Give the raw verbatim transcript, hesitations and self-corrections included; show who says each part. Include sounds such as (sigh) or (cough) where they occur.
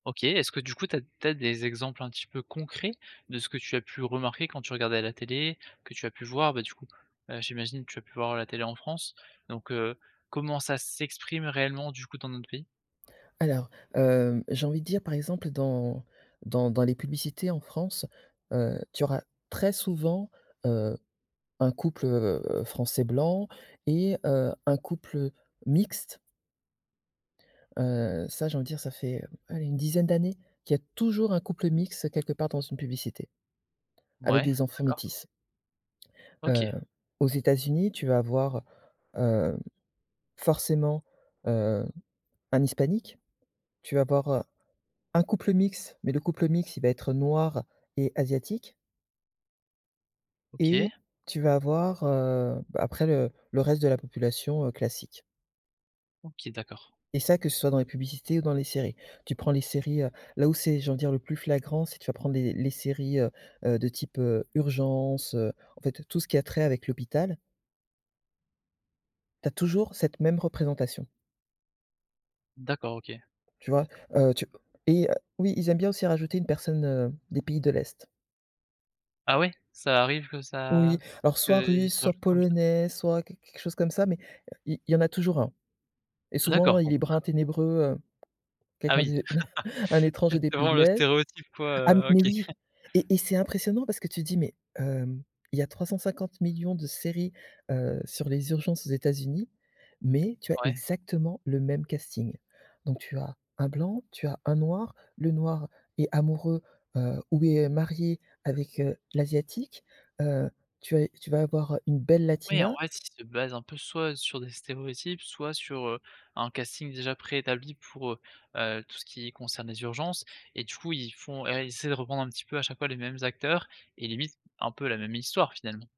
Speaker 1: OK, est-ce que, du coup, tu as tu as des exemples un petit peu concrets de ce que tu as pu remarquer quand tu regardais la télé? Que tu as pu voir bah, du coup, heu, j'imagine tu as pu voir la télé en France, donc, heu, comment ça s'exprime réellement du coup dans notre pays?
Speaker 2: Alors, heu, j'ai envie de dire, par exemple, dans dans dans les publicités en France, heu, tu auras très souvent, heu, un couple, heu, français blanc et heu, un couple mixte heu, ça, j'ai envie dire, ça fait, allez, une dizaine d'années qu'il y a toujours un couple mixte quelque part dans une publicité. Avec
Speaker 1: Ouais
Speaker 2: des enfants
Speaker 1: d'accord.
Speaker 2: métis. Heu,
Speaker 1: OK.
Speaker 2: aux États-Unis, tu vas avoir, heu, forcément, heu, un hispanique. Tu vas avoir, heu, un couple mixte, mais le couple mixte il va être noir et asiatique
Speaker 1: OK.
Speaker 2: et tu vas avoir, heu, bah, après, le le reste de la population, heu, classique.
Speaker 1: OK d'accord.
Speaker 2: Et ça, que ce soit dans les publicités ou dans les séries. Tu prends les séries, heu, là où c'est, j'ai envie dire, le plus flagrant c'est tu vas prendre les les séries, heu, heu, de type heu, Urgences, heu, en fait tout ce qui a trait avec l'hôpital tu as toujours cette même représentation.
Speaker 1: D'accord OK.
Speaker 2: Tu vois? Heu, tu et oui ils aiment bien aussi rajouter une personne, heu, des pays de l'est.
Speaker 1: Ah ouais? Ça arrive que ça
Speaker 2: Oui, alors soit
Speaker 1: qu'ils
Speaker 2: russe,
Speaker 1: rajoutent
Speaker 2: soit
Speaker 1: comme ça?
Speaker 2: polonais, soit quelque quelque chose comme ça mais il il y en a toujours un. Et souvent,
Speaker 1: D'accord
Speaker 2: il
Speaker 1: bon.
Speaker 2: est brun, ténébreux, heu,
Speaker 1: Ah
Speaker 2: quelqu'un
Speaker 1: oui!
Speaker 2: de (chuckles) un
Speaker 1: (laughs)
Speaker 2: étranger des pays
Speaker 1: Exactement
Speaker 2: de
Speaker 1: le
Speaker 2: è.
Speaker 1: stéréotype quoi,
Speaker 2: Ah, m
Speaker 1: heu,
Speaker 2: mais
Speaker 1: OK.
Speaker 2: oui et et c'est
Speaker 1: (chuckles)
Speaker 2: impressionnant parce que tu dis: «Mais hem, il y a trois cent cinquante millions de séries, heu, sur les urgences aux États-Unis, mais tu as
Speaker 1: Ouais.
Speaker 2: exactement le même casting». Donc tu as un blanc, tu as un noir, le noir est amoureux heu, ou est, heu, marié avec heu, l'asiatique, heu, tu as tu vas avoir une belle
Speaker 1: Oui, en
Speaker 2: latina
Speaker 1: vrai, ils se basent un peu soit sur des stéréotypes, soit sur, heu, un casting déjà pré-établi pour, heu, heu, tout ce qui concerne les urgences et du coup ils font ils essaient de reprendre un petit peu à chaque fois les mêmes acteurs et limite, un peu la même histoire finalement?